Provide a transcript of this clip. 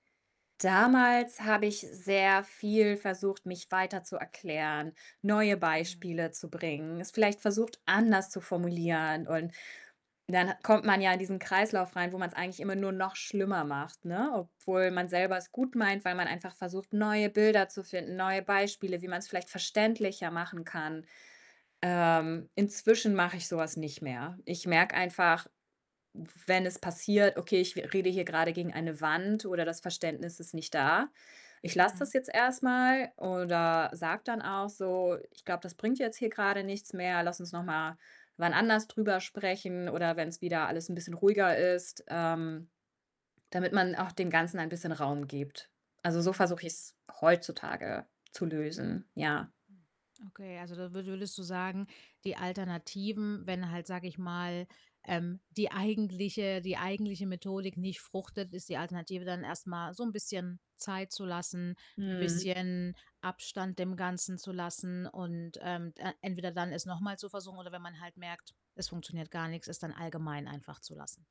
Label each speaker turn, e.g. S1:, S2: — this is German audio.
S1: Damals habe ich sehr viel versucht, mich weiter zu erklären, neue
S2: Mhm.
S1: Beispiele zu bringen, es vielleicht versucht, anders zu formulieren und dann hat kommt man ja in diesen Kreislauf rein, wo man's eigentlich immer nur noch schlimmer macht, ne? Obwohl
S2: Hm.
S1: man selber es gut meint, weil man einfach versucht, neue Bilder zu finden, neue Beispiele, wie man's vielleicht verständlicher machen kann. Ähm, inzwischen mache ich so was nicht mehr. Ich merke einfach, w wenn es passiert: „Okay, ich re rede hier grade gegen eine Wand oder das Verständnis ist nicht da. Ich lasse
S2: Mhm.
S1: das jetzt erst mal.“, oder sage dann auch so: „Ich glaube, das bringt jetzt hier grade nichts mehr. Lass uns noch mal wann anders drüber sprechen oder wenn's wieder alles ’n bisschen ruhiger ist.“, ähm, damit man auch dem Ganzen ein bisschen Raum gibt. Also, so
S2: Hm.
S1: versuche ich's heutzutage zu lösen, ja.
S2: Hm, okay, also, da wür würdest du sagen, die Alternativen, wenn halt, sage ich mal, ähm, die eigentliche die eigentliche Methodik nicht fruchtet, ist die Alternative dann erst mal so 'n bisschen Zeit zu lassen, 'n
S1: Mhm.
S2: bisschen Abstand dem Ganzen zu lassen und, ähm, d äh, entweder dann es noch mal zu versuchen, oder wenn man halt merkt, es funktioniert gar nix, es dann allgemein einfach zu lassen.